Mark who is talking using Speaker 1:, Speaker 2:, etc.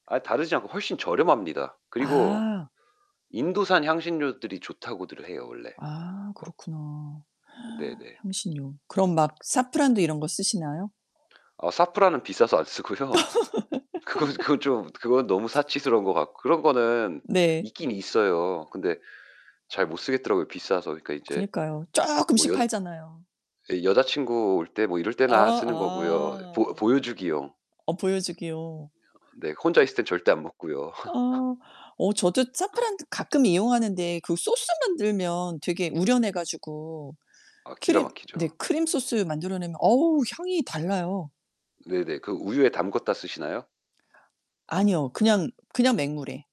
Speaker 1: 아 다르지 않고 훨씬 저렴합니다. 그리고
Speaker 2: 아.
Speaker 1: 인도산 향신료들이 좋다고들 해요 원래.
Speaker 2: 아,
Speaker 1: 거
Speaker 2: 그렇구나.
Speaker 1: 네네.
Speaker 2: 향신료. 그럼 막 사프란도 이런 거 쓰시나요?
Speaker 1: 어 사프란은 비싸서 안 쓰고요. 그건 그건 좀 그건 너무 사치스러운 것 같고 그런 거는
Speaker 2: 네.
Speaker 1: 있긴 있어요. 근데 잘 못 쓰겠더라고요 비싸서. 그러니까 이제
Speaker 2: 그니까요.
Speaker 1: 뭐
Speaker 2: 쪼끔씩
Speaker 1: 여자
Speaker 2: 팔잖아요.
Speaker 1: 이 여자 친구 올 때 뭐 이럴
Speaker 2: 아
Speaker 1: 때나 쓰는 거고요. 보
Speaker 2: 아.
Speaker 1: 보여주기용.
Speaker 2: 어 보여주기요.
Speaker 1: [unintelligible] 네 혼자 있을 때는 절대 안 먹고요.
Speaker 2: 아. 어 저도 사프란 가끔 이용하는데 그 소스 만들면 되게 우려내 가지고
Speaker 1: 아 기가
Speaker 2: 크림 네
Speaker 1: 막히죠.
Speaker 2: 크림소스 만들어 내면 어우 향이 달라요.
Speaker 1: 네네. 그 우유에 담갔다 쓰시나요?
Speaker 2: 아니요. 그냥 그냥 맹물에.